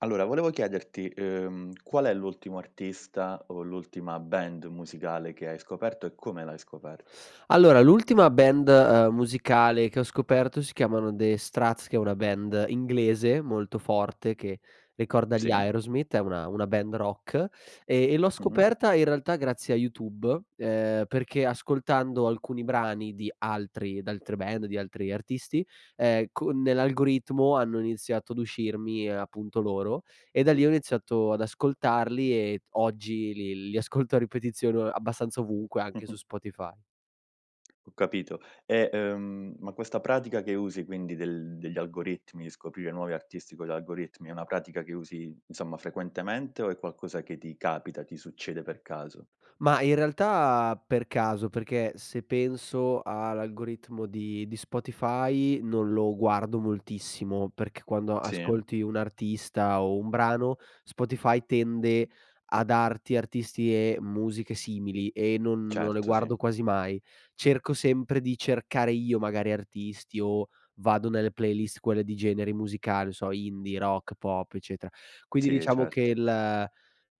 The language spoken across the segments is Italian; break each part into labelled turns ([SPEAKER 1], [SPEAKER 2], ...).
[SPEAKER 1] Allora, volevo chiederti, uhm, qual è l'ultimo artista o l'ultima band musicale che hai scoperto, e come l'hai scoperta?
[SPEAKER 2] Allora, l'ultima band, uhm, musicale che ho scoperto si chiamano The Strats, che è una band inglese molto forte che ricorda gli
[SPEAKER 1] Sì.
[SPEAKER 2] Aerosmith. È una una band rock, e e l'ho
[SPEAKER 1] Mh-mh.
[SPEAKER 2] scoperta in realtà grazie a YouTube, ehm, perché ascoltando alcuni brani di altri d'altre band, di altri artisti, ehm, con nell'algoritmo hanno iniziato ad uscirmi, ehm, appunto loro, e da lì ho iniziato ad ascoltarli ed oggi li li ascolto a ripetizione o abbastanza ovunque, anche su
[SPEAKER 1] Mh-mh.
[SPEAKER 2] Spotify.
[SPEAKER 1] Ho capito. E, ehm, ma questa pratica che usi quindi del degli algoritmi, scoprire nuovi artisti con gli algoritmi, è una pratica che usi, insomma, frequentemente o è qualcosa che ti capita, ti succede per caso?
[SPEAKER 2] Ma in realtà per caso. Perché se penso a l'algoritmo di di Spotify non lo guardo moltissimo, perché quando
[SPEAKER 1] Sì.
[SPEAKER 2] ascolti un artista o un brano, Spotify tende a darti artisti e musiche simili, e non non le
[SPEAKER 1] Certo, sì.
[SPEAKER 2] guardo quasi mai. Cerco sempre di cercare io magari artisti, o vado nelle playlist quelle di generi musicali, non so indie, rock, pop, eccetera. Quindi
[SPEAKER 1] Sì, eh,
[SPEAKER 2] diciamo che
[SPEAKER 1] certo.
[SPEAKER 2] il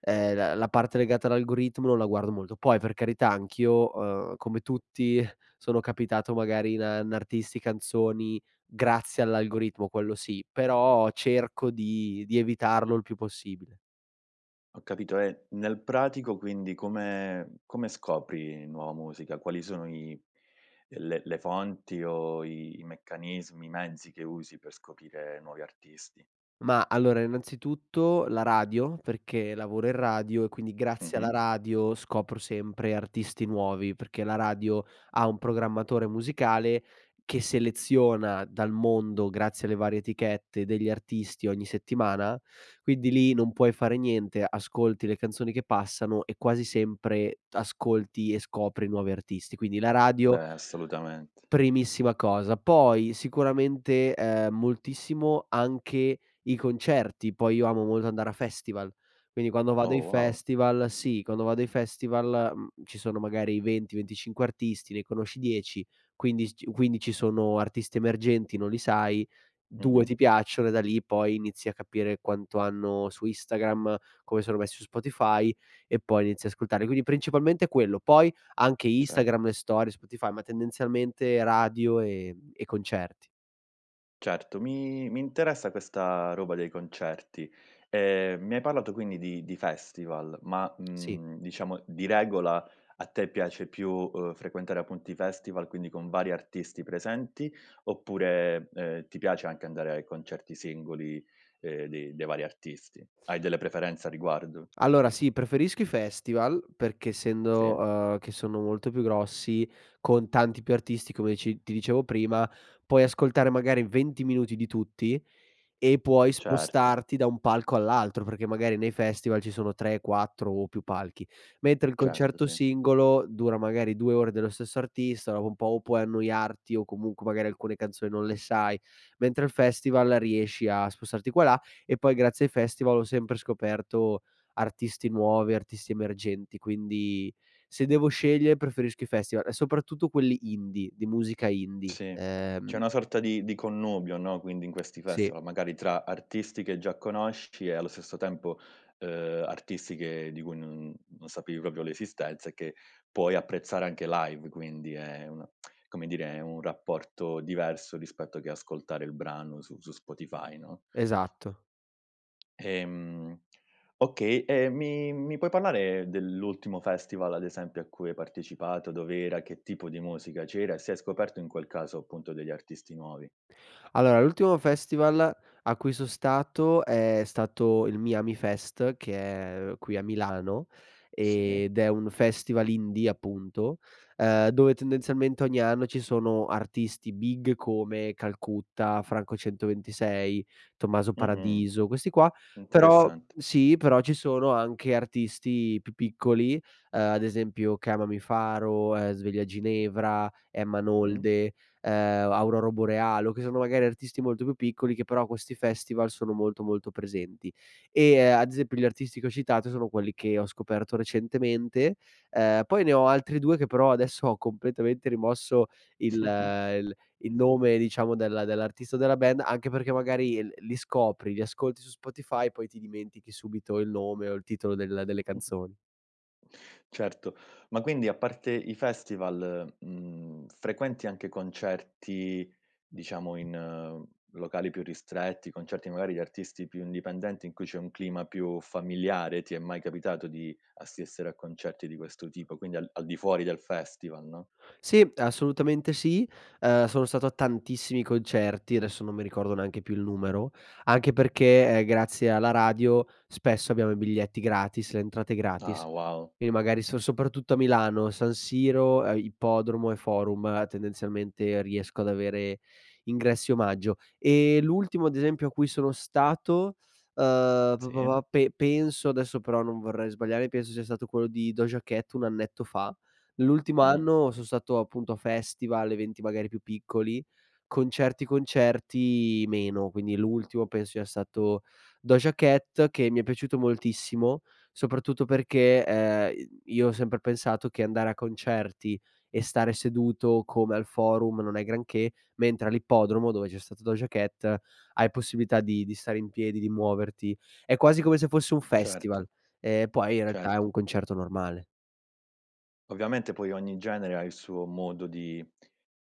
[SPEAKER 2] ehm, la la parte legata all'algoritmo non la guardo molto. Poi per carità anch'io, uhm, come tutti sono capitato magari in a in artisti, canzoni grazie all'algoritmo, quello sì, però cerco di di evitarlo il più possibile.
[SPEAKER 1] Ho capito. E nel pratico quindi come come scopri nuova musica? Quali sono i le le fonti, o i meccanismi, i mezzi che usi per scoprire nuovi artisti?
[SPEAKER 2] Ma allora, innanzitutto la radio perché lavoro in radio e quindi grazie alla
[SPEAKER 1] Mh-mh.
[SPEAKER 2] radio scopro sempre artisti nuovi, perché la radio ha un programmatore musicale che seleziona dal mondo grazie alle varie etichette degli artisti ogni settimana, quindi lì non puoi fare niente, ascolti le canzoni che passano e quasi sempre ascolti e scopri nuovi artisti. Quindi la radio
[SPEAKER 1] Beh, assolutamente.
[SPEAKER 2] primissima cosa. Poi, sicuramente, ehm, moltissimo anche i concerti. Poi io amo molto andare a festival, quindi quando vado ai
[SPEAKER 1] Oh wow!
[SPEAKER 2] festival sì, quando vado ai festival, mhmm, ci sono magari i 20-25 artisti, ne conosci 10, quindi s ci quindi ci sono artisti emergenti, non li sai, 2 ti
[SPEAKER 1] Mh-mh.
[SPEAKER 2] piacciono, e da lì poi inizi a capire quanto hanno su Instagram, come sono messi su Spotify, e poi inizi ascoltare. Quindi principalmente quello, poi anche
[SPEAKER 1] Certo.
[SPEAKER 2] Instagram e storie, su Spotify, ma tendenzialmente radio e e concerti.
[SPEAKER 1] Certo. Mi mi interessa questa roba dei concerti. Ehm, mi hai parlato quindi di di festival ma,
[SPEAKER 2] Sì.
[SPEAKER 1] mhmm, diciamo, di regola a te piace più, uhm, frequentare appunto i festival, quindi con vari artisti presenti, oppure, ehm, ti piace anche andare ai concerti singoli, ehm, dei dei vari artisti? Hai delle preferenze a riguardo?
[SPEAKER 2] Allora sì, preferisco i festival perché essendo,
[SPEAKER 1] Sì.
[SPEAKER 2] uhm, che sono molto più grossi, con tanti più artisti come dice ci ti dicevo prima, puoi ascoltare magari 20 minuti di tutti, e puoi
[SPEAKER 1] Certo.
[SPEAKER 2] spostarti da un palco all'altro, perché magari nei festival ci sono 3, 4 o più palchi. Mentre il
[SPEAKER 1] Certo,
[SPEAKER 2] concerto
[SPEAKER 1] sì.
[SPEAKER 2] singolo dura magari 2 ore dello stesso artista, dopo un po' o puoi annoiarti, o comunque magari alcune canzoni non le sai, mentre al festival riesci a spostarti qua e là. E poi grazie ai festival ho sempre scoperto artisti nuovi, artisti emergenti, quindi se devo scegliere preferisco i festival, e soprattutto quelli indie, di musica indie,
[SPEAKER 1] Sì. C'è
[SPEAKER 2] ehm
[SPEAKER 1] una sorta di di connubio, no, quindi in questi
[SPEAKER 2] Sì.
[SPEAKER 1] festival magari tra artisti che già conosci, e allo stesso tempo, uhm, artisti che di cui non non sapevi proprio l'esistenza e che puoi apprezzare anche live. Quindi è una come dire è un rapporto diverso rispetto che ascoltare il brano su su Spotify, no?
[SPEAKER 2] Esatto.
[SPEAKER 1] Ehm, okay, ehm, mi mi puoi parlare dell'ultimo festival, ad esempio, a cui hai partecipato? Dov'era, che tipo di musica c'era, e se hai scoperto in quel caso, appunto, degli artisti nuovi?
[SPEAKER 2] Allora, l'ultimo festival a cui son stato è stato il Miamifest che è, uhm, qui a Milano
[SPEAKER 1] Sì.
[SPEAKER 2] ed è un festival indie appunto, ehm, dove tendenzialmente ogni anno ci sono artisti big come Calcutta, Franco 126, Tommaso
[SPEAKER 1] Mh-mh.
[SPEAKER 2] Paradiso, questi qua. Però
[SPEAKER 1] Interessante.
[SPEAKER 2] sì, però ci sono anche artisti più piccoli, ehm, ad esempio Chiamami Faro, ehm, Sveglia Ginevra, Emma
[SPEAKER 1] Mh.
[SPEAKER 2] Nolde, ehm, Auroro Borealo, che sono magari artisti molto più piccoli che però a questi festival sono molto molto presenti. Ehm, e ad esempio gli artisti che ho citato sono quelli che ho scoperto recentemente, ehm, poi ne ho altri 2 che però adesso ho completamente rimosso il il il nome, diciamo, della dell'artista della band anche perché magari l li scopri, li ascolti su Spotify, e poi ti dimentichi subito il nome, o il titolo del delle canzoni.
[SPEAKER 1] Certo. Ma quindi a parte i festival, mhmm, frequenti anche concerti, diciamo, in locali più ristretti, concerti magari di artisti più indipendenti in cui c'è un clima più familiare? Ti è mai capitato di assistere a concerti di questo tipo, quindi al al di fuori del festival, no?
[SPEAKER 2] Sì. Assolutamente sì. Ehm, sono stato a tantissimi concerti. Adesso non mi ricordo neanche più il numero, anche perché, ehm, grazie alla radio spesso abbiamo i biglietti gratis, le entrate gratis.
[SPEAKER 1] Ah wow!
[SPEAKER 2] Quindi magari son soprattutto a Milano, San Siro, ehm, Ippodromo e Forum, ehm, tendenzialmente riesco ad avere ingressi omaggio. Ehm, l'ultimo ad esempio a cui sono stato, uhm, pa pa
[SPEAKER 1] Sì.
[SPEAKER 2] pa pe penso, adesso però non vorrei sbagliare, penso sia stato quello di Doja Cat un annetto fa. L'ultimo
[SPEAKER 1] Mh.
[SPEAKER 2] anno son stato appunto a festival, eventi magari più piccoli. Concerti concerti meno, quindi l'ultimo penso sia stato Doja Cat che mi è piaciuto moltissimo, soprattutto perché, ehm, i io ho sempre pensato che andare a concerti e stare seduto come al forum non è granché, mentre all'ippodromo dove c'è stato Doja Cat hai possibilità di di stare in piedi, di muoverti. È quasi come se fosse un festival,
[SPEAKER 1] Certo.
[SPEAKER 2] ehm, poi in realtà è
[SPEAKER 1] Certo.
[SPEAKER 2] un concerto normale.
[SPEAKER 1] Ovviamente poi ogni genere ha il suo modo di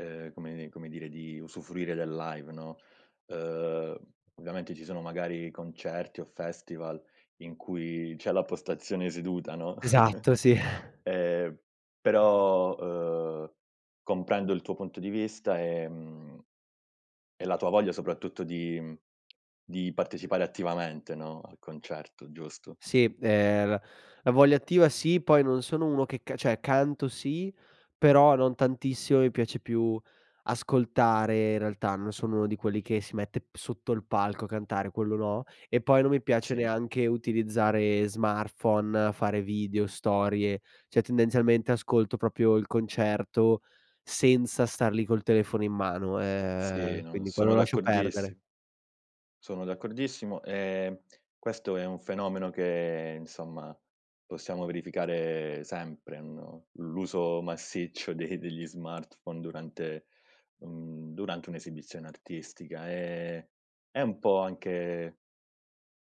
[SPEAKER 1] ehm, come come dire di usufruire del live, no. Uhm, ovviamente ci sono magari concerti o festival in cui c'è la postazione seduta, no.
[SPEAKER 2] Esatto, sì.
[SPEAKER 1] Ehm, però, uhm, comprendo il tuo punto di vista, ehm, e la tua voglia soprattutto di mhmm, di partecipare attivamente, no, al concerto giusto?
[SPEAKER 2] Sì, ehm, la la voglia attiva sì, poi non sono uno che ca cioè canto sì, però non tantissimo; mi piace più ascoltare in realtà, non sono uno di quelli che si mette sotto il palco a cantare, quello no; e poi non mi piace
[SPEAKER 1] Sì.
[SPEAKER 2] neanche utilizzare smartphone, fare video, storie. Cioè, tendenzialmente ascolto proprio il concerto senza star lì col telefono in mano.
[SPEAKER 1] Sì,
[SPEAKER 2] Ehm,
[SPEAKER 1] non
[SPEAKER 2] quindi quello
[SPEAKER 1] sono
[SPEAKER 2] lo lascio perdere.
[SPEAKER 1] d'accordissi sono d'accordissimo. Ehm, questo è un fenomeno che insomma possiamo verificare sempre, no, l'uso massiccio de degli smartphone durante un durante un'esibizione artistica. Ehm, è un po' anche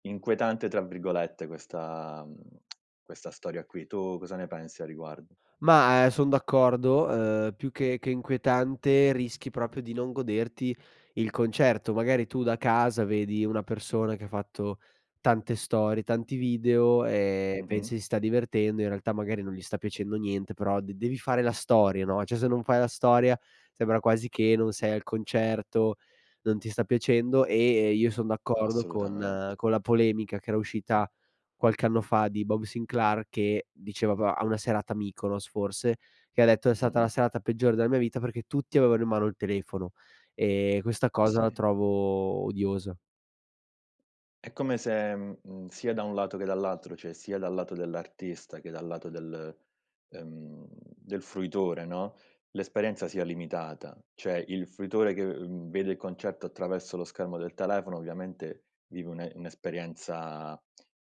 [SPEAKER 1] "inquietante" tra virgolette questa mhmm, questa storia qui. Tu cosa ne pensi a riguardo?
[SPEAKER 2] Ma, ehm, son d'accordo. Uhm, più che che inquietante rischi proprio di non goderti il concerto. Magari tu da casa vedi una persona che ha fatto tante storie, tanti video e
[SPEAKER 1] Mh-mh.
[SPEAKER 2] pensi si sta divertendo, in realtà magari non gli sta piacendo niente però de devi fare la storia, no; cioè se non fai la storia sembra quasi che non sei al concerto, non ti sta piacendo e e io son d'accordo con
[SPEAKER 1] Assolutamente.
[SPEAKER 2] con la polemica che era uscita qualche anno fa di Bob Sinclair che diceva po a una serata a Mykonos forse, che ha detto: "È stata la
[SPEAKER 1] Mh-mh.
[SPEAKER 2] serata peggiore della mia vita perché tutti avevano in mano il telefono e questa cosa la
[SPEAKER 1] Sì.
[SPEAKER 2] trovo odiosa."
[SPEAKER 1] È come se, mhmm, mhmm, sia da un lato che dall'altro, cioè sia dal lato dell'artista che dal lato del ehm, del fruitore, no, l'esperienza sia limitata; cioè il fruitore che, ehm, vede il concerto attraverso lo schermo del telefono ovviamente vive un'e un'esperienza,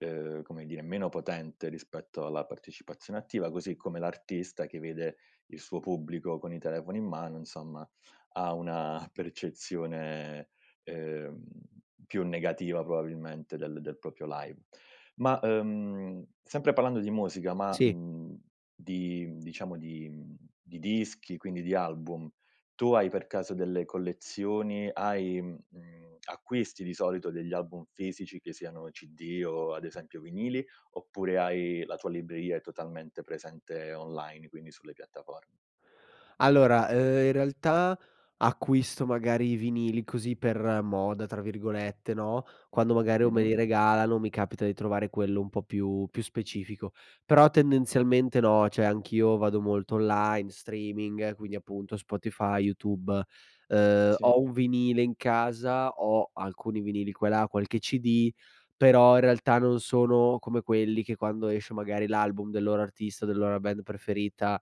[SPEAKER 1] uhm, come dire, meno potente rispetto alla partecipazione attiva, così come l'artista che vede il suo pubblico con i telefoni in mano, insomma, ha una percezione, ehm, più negativa probabilmente del del proprio live. Ma, ehm, sempre parlando di musica ma,
[SPEAKER 2] Sì.
[SPEAKER 1] mhmm, di mhmm, diciamo di mhmm, di dischi, quindi di album, tu hai per caso delle collezioni, hai mhmm, mhmm, acquisti di solito degli album fisici che siano cd o ad esempio vinili, oppure hai la tua è libreria totalmente presente online, quindi sulle piattafor
[SPEAKER 2] Allora, ehm, in realtà acquisto magari i vinili così per "moda" tra virgolette, no, quando magari o me
[SPEAKER 1] Mh-mh.
[SPEAKER 2] li regalano o mi capita di trovare quello un po' più più specifico. Però tendenzialmente no, cioè anch'io vado molto online, streaming, quindi appunto Spotify, YouTube. Uhm,
[SPEAKER 1] Sì.
[SPEAKER 2] ho un vinile in casa, ho alcuni vinili qua e là, qualche CD, però in realtà non sono come quelli che quando esce magari l'album del loro artista, della loro band preferita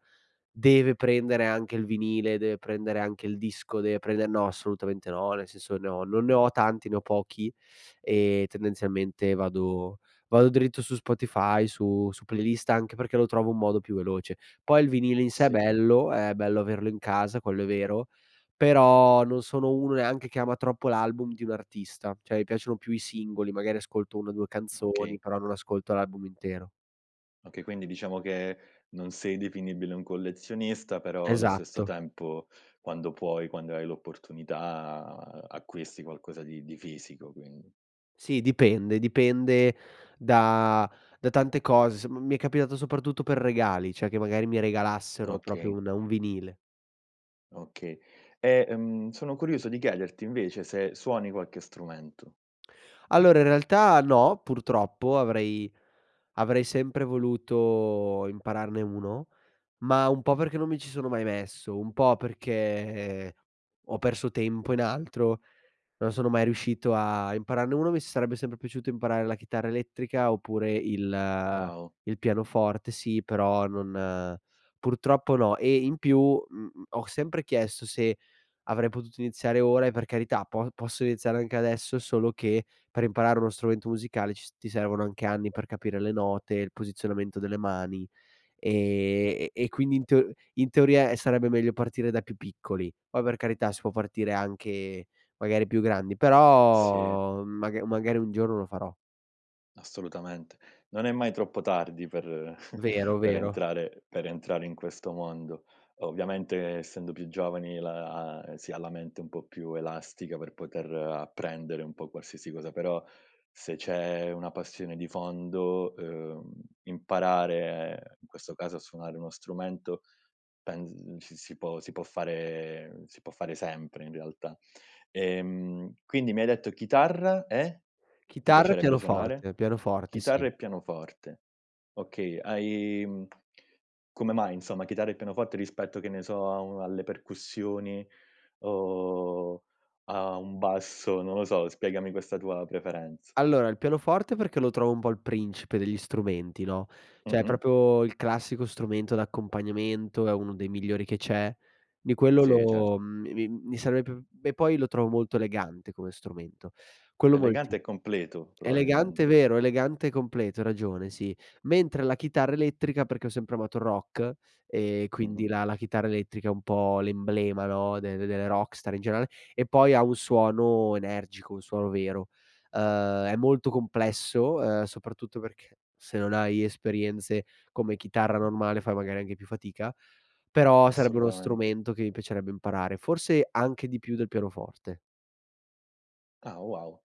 [SPEAKER 2] deve prendere anche il vinile, deve prendere anche il disco, deve prender no, assolutamente no, nel senso ne ho non ne ho tanti, ne ho pochi, ehm, tendenzialmente vado vado dritto su Spotify, su su playlist, anche perché lo trovo un modo più veloce. Poi il vinile in sé è
[SPEAKER 1] Sì.
[SPEAKER 2] bello, è bello averlo in casa, quello è vero, però non sono uno neanche che ama troppo l'album di un artista, cioè mi piacciono più i singoli, magari ascolto 1 o 2
[SPEAKER 1] Okay.
[SPEAKER 2] canzoni però non ascolto l'album intero.
[SPEAKER 1] Okay, quindi diciamo che non sei definibile un collezionista, però allo stesso
[SPEAKER 2] Esatto.
[SPEAKER 1] tempo, quando puoi, quando hai l'opportunità, acquisti qualcosa di di fisico, quindi.
[SPEAKER 2] Sì, dipende dipende da da tante cose. Sa m mi è capitato soprattutto per regali, cioè, che magari mi regalassero proprio
[SPEAKER 1] Okay.
[SPEAKER 2] un un vinile.
[SPEAKER 1] Okay. Eh, mhmm, sono curioso di chiederti invece, se suoni qualche strumento.
[SPEAKER 2] Allora in realtà, no, purtroppo avrei avrei sempre voluto impararne uno, ma un po' perché non mi ci sono mai messo, un po' perché ho perso tempo in altro, non sono mai riuscito a impararne uno, mi s sarebbe sempre piaciuto imparare la chitarra elettrica oppure il
[SPEAKER 1] Wow.
[SPEAKER 2] il pianoforte. Sì, però non purtroppo, no. E in più, mhmm, m ho sempre chiesto se avrei potuto iniziare ora e per carità po posso iniziare anche adesso, solo che per imparare uno strumento musicale, ci s ti servono anche anni, per capire le note e il posizionamento delle mani e e e quindi in teo in teoria, eh, sarebbe meglio partire da più piccoli. Poi per carità, si può partire anche magari più grandi,
[SPEAKER 1] Sì.
[SPEAKER 2] però maga magari un giorno lo farò.
[SPEAKER 1] Assolutamente, non è mai troppo tardi per
[SPEAKER 2] Vero,
[SPEAKER 1] per
[SPEAKER 2] vero.
[SPEAKER 1] entrare per entrare in questo mondo. Ovviamente, essendo più giovani, la si ha la mente un po' più elastica per poter apprendere un po' qualsiasi cosa, però se c'è una passione di fondo, uhm, imparare, in questo caso a suonare uno strumento, pens ci si può si può fare si può fare sempre, in realtà. Ehm, quindi mi hai detto, chitarra e? Ti
[SPEAKER 2] Chitarra e
[SPEAKER 1] piacerebbe suonare?
[SPEAKER 2] pianoforte, pianoforte,
[SPEAKER 1] Chitarra
[SPEAKER 2] sì.
[SPEAKER 1] e pianoforte. Okay, hai, uhm, come mai, insomma, chitarra e pianoforte, rispetto che ne so, a u alle percussioni, o a un basso, non lo so spiegami questa tua preferenz
[SPEAKER 2] Allora, il pianoforte, perché lo trovo un po' il principe degli strumenti, no, cioè
[SPEAKER 1] Mh-mh.
[SPEAKER 2] proprio il classico strumento d'accompagnamento, è uno dei migliori che c'è di quello
[SPEAKER 1] Sì,
[SPEAKER 2] lo
[SPEAKER 1] certo.
[SPEAKER 2] uhm, mi mi mi sarebbe p e poi lo trovo molto elegante come strumento, quello molti
[SPEAKER 1] Elegante e completo,
[SPEAKER 2] elegante
[SPEAKER 1] probabilmente.
[SPEAKER 2] vero, elegante e completo, hai ragione, sì. Mentre la chitarra elettrica, perché ho sempre amato il rock e quindi
[SPEAKER 1] Mh-mh.
[SPEAKER 2] la la chitarra elettrica è un po' l'emblema, no, de delle rockstar in generale e poi ha un suono energico, un suono vero. Uhm, è molto complesso, uhm, soprattutto perché se non hai esperienze come chitarra normale, fai magari anche più fatica, però sarebbe uno
[SPEAKER 1] Assolutamente.
[SPEAKER 2] strumento che mi piacerebbe imparare, forse anche di più del pianoforte.
[SPEAKER 1] Ah, wow.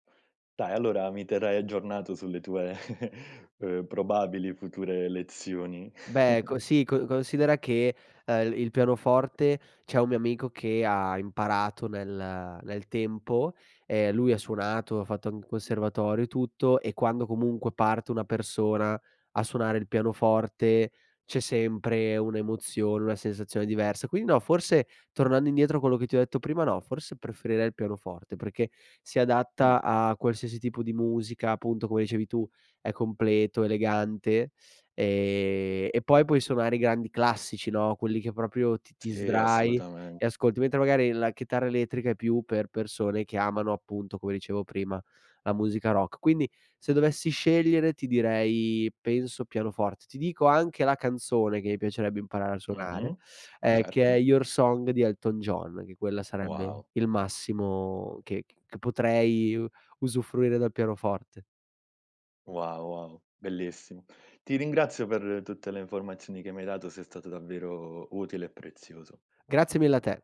[SPEAKER 1] Dai, allora mi terrai aggiornato sulle tue, uhm, probabili future lezioni.
[SPEAKER 2] Beh, ecco sì, co considera che, ehm, il pianoforte, c'è un mio amico che ha imparato nel nel tempo, ehm, lui ha suonato, ha fatto anc un conservatorio e tutto, e quando comunque parte una persona a suonare il pianoforte, c'è sempre un'emozione, una sensazione diversa. Quindi no, forse tornando indietro a quello che ti ho detto prima, no, forse preferirei il pianoforte, perché si
[SPEAKER 1] Mh.
[SPEAKER 2] adatta a qualsiasi tipo di musica, appunto come dicevi tu è completo, elegante e e poi, puoi suonare i grandi classici, no, quelli che proprio ti ti
[SPEAKER 1] Sì,
[SPEAKER 2] sdrai e
[SPEAKER 1] assolutamente.
[SPEAKER 2] ascolti, mentre magari la chitarra elettrica è più per persone che amano, appunto come dicevo prima, la musica rock. Quindi, se dovessi scegliere, ti direi penso, pianoforte. Ti dico anche la canzone che mi piacerebbe imparare a suonare,
[SPEAKER 1] Mh-mh.
[SPEAKER 2] ehm, che
[SPEAKER 1] Certo.
[SPEAKER 2] è Your Song di Elton John, che quella sarebbe
[SPEAKER 1] Wow.
[SPEAKER 2] il massimo che c che potrei usufruire dal pianoforte.
[SPEAKER 1] Wow, wow. Bellissimo. Ti ringrazio per tutte le informazioni che mi hai dato, sei stato davvero utile e prezioso.
[SPEAKER 2] Grazie mille a te!